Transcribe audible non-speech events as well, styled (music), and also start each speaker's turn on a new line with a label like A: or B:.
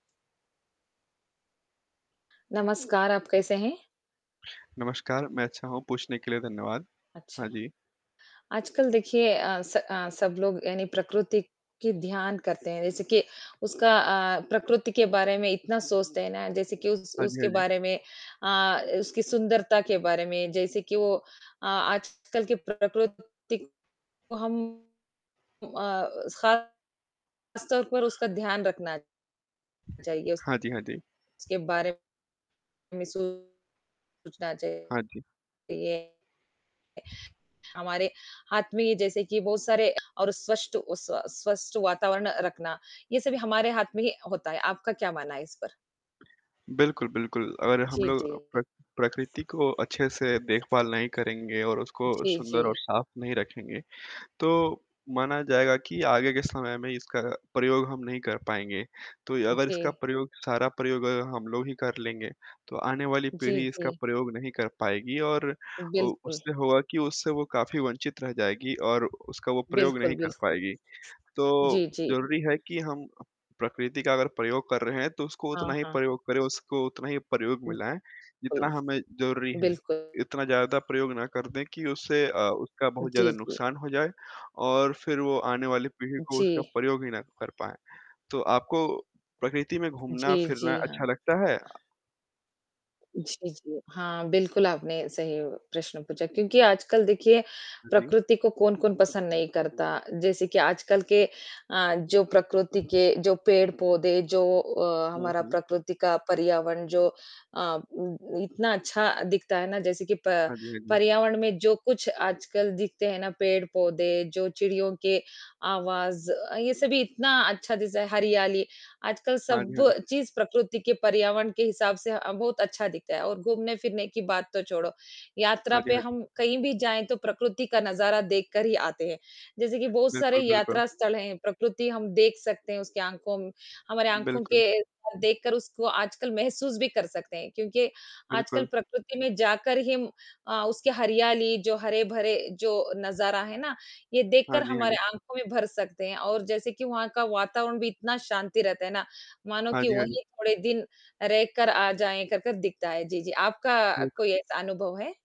A: नमस्कार, आप कैसे हैं?
B: नमस्कार, मैं अच्छा हूँ, पूछने के लिए धन्यवाद।
A: अच्छा।
B: हाँ, जी।
A: आजकल देखिए अ, स अ, सब लोग यानी प्रकृति की ध्यान करते हैं, जैसे कि उसका अ, प्रकृति के बारे में इतना सोचते हैं ना, जैसे कि उस
B: हाँ जी, हाँ
A: उसके
B: जी।
A: बारे में अ, उसकी सुंदरता के बारे में, जैसे कि वो अ, आजकल के प्रकृति को हम उम अ, खासतौर पर उसका ध्यान रखना चाहिए। उस
B: हाँ जी, हाँ जी।
A: उसके बारे में सोचना
B: हाँ
A: चाहिए।
B: जी।
A: हमारे हाथ में ये जैसे कि बहुत सारे और स्वष्ट उ स्व स्वस्थ वातावरण रखना, ये सभी हमारे हाथ में ही होता है। आपका क्या मानना है इस पर?
B: बिल्कुल, बिल्कुल, अगर हम
A: जी,
B: लोग
A: जी।
B: प्र प्रकृति को अच्छे से देखभाल नहीं करेंगे और उसको
A: जी,
B: सुंदर और
A: जी।
B: साफ नहीं रखेंगे, तो माना जाएगा कि आगे के समय में इसका प्रयोग हम नहीं कर पाएँगे। तो अगर इसका
A: जी।
B: प्रयोग सारा प्रयोग अगर हम लोग ही कर लेंगे, तो आने वाली
A: जी,
B: पीढ़ी इसका
A: जी।
B: प्रयोग नहीं कर पाएगी और उ
A: बिल्कुल।
B: उससे होगा कि उससे वो काफ़ी वंचित रह जाएगी और उसका वो प्रयोग
A: बिल्कुल,
B: नहीं कर
A: बिल्कुल।
B: पाएगी।
A: जी,
B: तो,
A: जी।
B: ज़रूरी है कि हम प्रकृति का अगर प्रयोग कर रहे हैं, तो उसको उतना
A: हाँ,
B: ही
A: हाँ।
B: प्रयोग करें, उसको उतना ही प्रयोग में
A: (unintelligible)
B: लाएँ,
A: कुल
B: जितना हमें ज़रूरी है।
A: बिल्कुल।
B: इतना ज़्यादा प्रयोग ना कर दें कि उससे अ, उसका बहुत
A: जी,
B: ज़्यादा
A: जी।
B: नुकसान हो जाए, और फिर वो आने वाली पीढ़ी को उसका
A: जी।
B: प्रयोग ही ना कर पाएँ, तो आपको प्रकृति में
A: जी,
B: घूमना-फिरना
A: जी, हाँ।
B: अच्छा लगता है?
A: जी, जी, हाँ, बिल्कुल आपने सही प्रश्न पूछा, क्योंकि आजकल देखिए,
B: हाँ जी।
A: प्रकृति को कौन-कौन पसंद नहीं करता। जैसे कि आजकल के अ, जो प्रकृति के जो पेड़-पौधे, जो अ,
B: हुँ,
A: हमारा
B: हुँ।
A: प्रकृति का पर्यावरण जो अ उम, इतना अच्छा दिखता है ना, जैसे कि प
B: हाँ जी, हाँ जी।
A: पर्यावरण में जो कुछ आजकल दिखते हैं ना, पेड़-पौधे, जो चिड़ियों के आवाज़ अ, ये सभी इतना अच्छा चीज़ है, हरियाली। आजकल
B: हाँ
A: सब
B: जी, हाँ जी।
A: चीज़ प्रकृति के पर्यावरण के हिसाब से अ, बहुत अच्छा दिखता है और घूमने-फिरने की बात तो छोड़ो, यात्रा
B: हाँ जी,
A: पे
B: हाँ जी।
A: हम कहीं भी जाएँ, तो प्रकृति का नज़ारा देखकर ही आते हैं। जैसे कि बहुत सारे
B: बिल्कुल, बिल्कुल।
A: यात्रा स्थल हैं, प्रकृति हम देख सकते हैं, उसकी आँखों म हमारे आँखों
B: बिल्कुल।
A: के देखकर उसको आजकल महसूस भी कर सकते हैं। क्योंकि आजकल
B: बिल्कुल।
A: प्रकृति में जाकर ही अ, उसकी हरियाली, जो हरे-भरे जो नज़ारा है ना, ये
B: हाँ
A: देखकर
B: जी, हाँ
A: हमारे
B: जी।
A: आँखों में भर सकते हैं, और जैसे कि वहाँ का वातावरण भी इतना शांति रहता है ना, मानो
B: हाँ
A: कि
B: जी, हाँ जी।
A: वहीं थोड़े दिन रहकर आ जाएँ, करकर दिखता है। जी, जी, आपका
B: ठीक।
A: कोई ऐसा अनुभव है?